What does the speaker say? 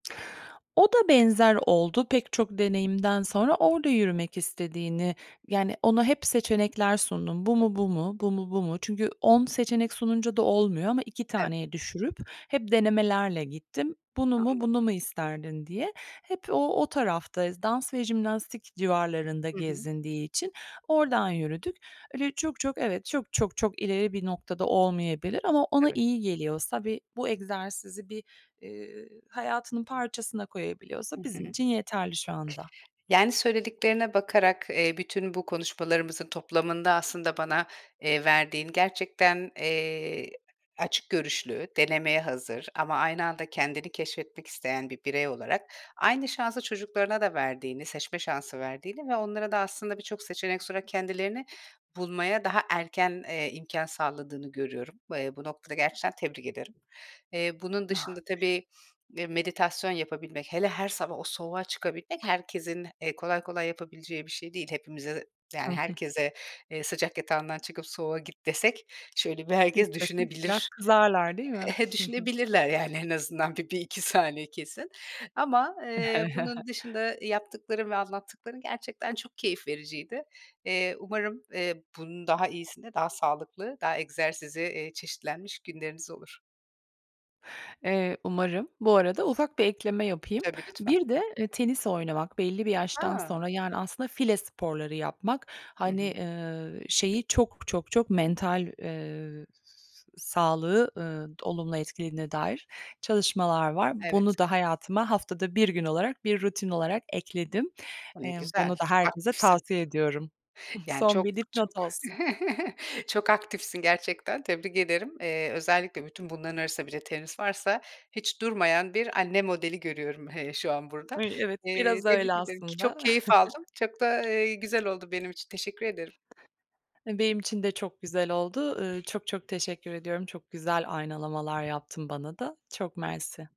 O da benzer oldu pek çok deneyimden sonra. Orada yürümek istediğini yani, ona hep seçenekler sundum. Bu [unintelligible] mu, bu mu, bu mu, bu mu? Çünkü 10 seçenek sununca da olmuyor ama 2 Evet. taneye düşürüp hep denemelerle gittim. Bunu mu, Anladım. bunu mu isterdin, diye. Hep o, o tarafta dans ve jimnastik civarlarında Hı hı. gezindiği için oradan yürüdük. Öyle çok, çok evet, çok, çok, çok ileri bir noktada olmayabilir ama ona Evet. iyi geliyorsa ve bu egzersizi bir, eee, hayatının parçasına koyabiliyorsa Hı bizim hı. için yeterli şu anda. Yani, söylediklerine bakarak, eee, bütün bu konuşmalarımızın toplamında aslında bana, eee, verdiğin, gerçekten, eee, açık görüşlü, denemeye hazır ama aynı anda kendini keşfetmek isteyen bir birey olarak aynı şansı çocuklarına da verdiğini, seçme şansı verdiğini ve onlara da aslında birçok seçenek sunarak kendilerini bulmaya daha erken, eee, imkân sağladığını görüyorum. Eee, bu noktada gerçekten tebrik ederim. Eee, bunun dışında, [unintelligible] tabii, eee, meditasyon yapabilmek, hele her sabah o soğuğa çıkabilmek herkesin, eee, kolay kolay yapabileceği bir şey değil. Hepimize, Hı yani, hı. herkese, eee, "Sıcak yatağından çıkıp soğuğa git." desek şöyle bir herkes [unintelligible] Biraz düşünebilir. kızarlar, değil mi? Düşünebilirler, yani, en azından bir, 1-2 saniye kesin ama, eee, bunun dışında, iii, yaptıkların ve anlattıkların gerçekten çok keyif vericiydi. Eee, umarım, eee, bunun daha iyisini, daha sağlıklı, daha egzersizi, eee, çeşitlenmiş günleriniz olur. Eee, umarım. Bu arada ufak bir ekleme yapayım. Tabii, lütfen. Bir de, eee, tenis oynamak belli bir yaştan A! sonra, yani, aslında file sporları yapmak. Hı Hani, hı. eee, şeyi çok, çok, çok mental, eee, s sağlığı, eee, olumlu etkilediğine dair çalışmalar var. Evet. Bunu da hayatıma haftada 1 gün olarak, bir rutin olarak ekledim. Ne Eee, güzel, bunu da çok herkese aktifsin. tavsiye ediyorum. Yani, Son çok, bir çok, dipnot olsun. çok aktifsin gerçekten tebrik ederim. Eee, özellikle bütün bunların arasında birde tenis varsa hiç durmayan bir anne modeli görüyorum hele şu an burada. Ay, evet, Eee, biraz öyle tebrik ederim ki çok aslında. keyif aldım. Çok da, eee, güzel oldu benim için teşekkür ederim. Benim için de çok güzel oldu. Eee, çok, çok teşekkür ediyorum. Çok güzel aynalamalar yaptın bana da. Çok mersi.